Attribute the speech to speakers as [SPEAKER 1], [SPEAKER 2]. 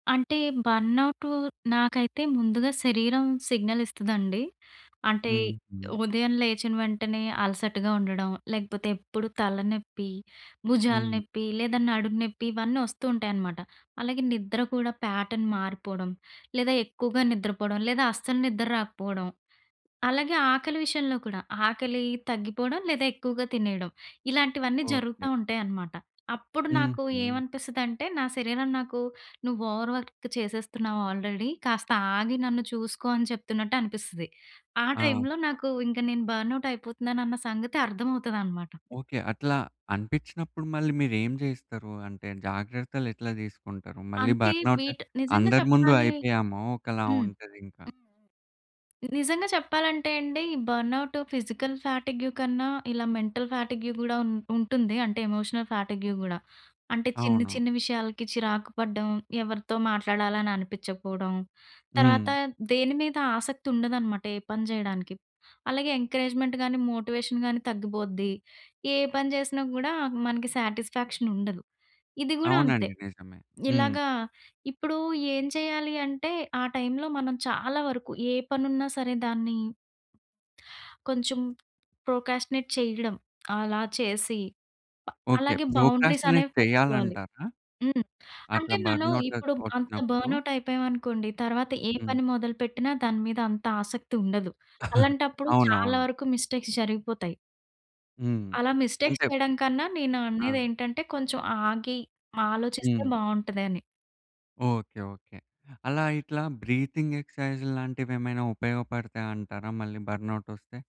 [SPEAKER 1] అంటే బర్న్అవుటు నాకైతే ముందుగా శరీరం సిగ్నల్ ఇస్తదండి. అంటే
[SPEAKER 2] హుహు.
[SPEAKER 1] ఉదయం లేచిన వెంటనే అలసటగా ఉండడం, లేకపోతే ఎప్పుడు తలనెప్పి, భుజాల
[SPEAKER 2] హ్మ్.
[SPEAKER 1] నెప్పి, లేదా నడుం నెప్పి ఇవన్నీ వస్తూ ఉంటాయనమాట. అలాగే నిద్ర కూడా ప్యాటర్న్ మారిపోవడం, లేదా ఎక్కువగా నిద్రపోవడం, లేదా అస్సలు నిద్ర రాకపోవడం. అలాగే ఆకలి విషయంలో కూడా ఆకలి తగ్గిపోవడం, లేదా ఎక్కువగా తినేయడం. ఇలాంటివన్నీ జరుగుతా
[SPEAKER 2] ఓకే.
[SPEAKER 1] ఉంటాయన్నమాట. అప్పుడు నాకు
[SPEAKER 2] హుహు.
[SPEAKER 1] ఏమనిపిస్తదంటే నా శరీరం నాకు నువ్వు ఓవర్ వర్క్ చేసేస్తున్నావు ఆల్రెడీ. కాస్త ఆగి నన్ను చూసుకో అని చెప్తున్నట్టు అనిపిస్తది. ఆ టైమ్‌లో
[SPEAKER 2] ఆహా!
[SPEAKER 1] నాకు ఇంక నేను బర్న్అవుట్ అయిపోతున్నాను అన్న సంగతి అర్థమవుతదన్నమాట.
[SPEAKER 2] ఓకే. అట్లా అనిపించినప్పుడు మళ్ళీ మీరేం చేస్తారు? అంటే జాగ్రత్తలు ఎట్లా తీసుకుంటారు? మళ్ళీ
[SPEAKER 1] అంటే
[SPEAKER 2] బర్న్అవుట్
[SPEAKER 1] వీటి నిజంగా
[SPEAKER 2] అందరి ముందు
[SPEAKER 1] చెప్పాలి.
[SPEAKER 2] అయిపోయాము ఒకలా
[SPEAKER 1] హ్మ్.‌‌
[SPEAKER 2] ఉంటది ఇంకా.
[SPEAKER 1] నిజంగా చెప్పాలంటే అండి. ఈ బర్న్అవుట్ ఫిజికల్ ఫ్యాటిగ్యూ కన్నా ఇలా మెంటల్ ఫ్యాటిగ్యూ గూడా ఉం ఉంటుంది అంటే ఎమోషనల్ ఫ్యాటిగ్యూ గూడా. అంటే చిన్న,
[SPEAKER 2] అవును.
[SPEAKER 1] చిన్న విషయాలకి చిరాకు పడడం, ఎవరితో మాట్లాడాలని అనిపించకపోవడం, తర్వాత
[SPEAKER 2] హ్మ్.
[SPEAKER 1] దేని మీద ఆసక్తి ఉండదనమాట ఏ పని చేయడానికి. అలాగే ఎంకరేజ్‌మెంట్ గానీ, మోటివేషన్ గానీ తగ్గిపోద్ది. ఏ పని చేసినా గూడా మనకి సాటిస్‌ఫాక్షన్ ఉండదు. ఇది గూడా అంతే.
[SPEAKER 2] అవునండి. నిజమే. హ్మ్.
[SPEAKER 1] ఇలాగా ఇప్పుడు ఏం చేయాలి అంటే ఆ టైమ్‌లో మనం చాలా వరకు ఏ పని ఉన్నా సరే దాన్ని కొంచెం ప్రోక్రాస్టినేట్ చేయడం. అలా చేసి, బ
[SPEAKER 2] ఓకే.
[SPEAKER 1] అలాగే బౌండరీస్
[SPEAKER 2] ప్రోక్రాస్టినేట్
[SPEAKER 1] అనేవి పెట్టుకోవాలి.
[SPEAKER 2] చెయ్యాలంటారా?
[SPEAKER 1] హ్మ్.
[SPEAKER 2] అట్లా
[SPEAKER 1] అంటే మనం
[SPEAKER 2] బర్న్అవుటక్
[SPEAKER 1] ఇప్పుడు అంత
[SPEAKER 2] వచ్చినప్పుడు
[SPEAKER 1] బర్న్అవుట్ అయిపోయామనుకోండి, తరువాత ఏ
[SPEAKER 2] హ్మ్.
[SPEAKER 1] పని మొదలుపెట్టిన దాని మీద అంత ఆసక్తి ఉండదు. అలాంటప్పుడు చాలా
[SPEAKER 2] అవునవును.
[SPEAKER 1] వరకు మిస్టేక్స్ జరిగిపోతాయి...
[SPEAKER 2] హ్మ్.
[SPEAKER 1] అలా మిస్టేక్స్
[SPEAKER 2] ఉంటాయి.
[SPEAKER 1] చేయడం కన్నా నేను అనేది
[SPEAKER 2] ఆ!
[SPEAKER 1] ఏంటంటే, కొంచెం ఆగి ఆలోచిస్తే
[SPEAKER 2] హ్మ్.
[SPEAKER 1] బావుంటదని.
[SPEAKER 2] ఓకే. ఓకే. అలా ఇట్లా బ్రీతింగ్ ఎక్సర్సైజ్ లాంటివి ఏమైనా ఉపయోగపడతాయంటారా? మళ్ళీ బర్న్అవుట్ వస్తే?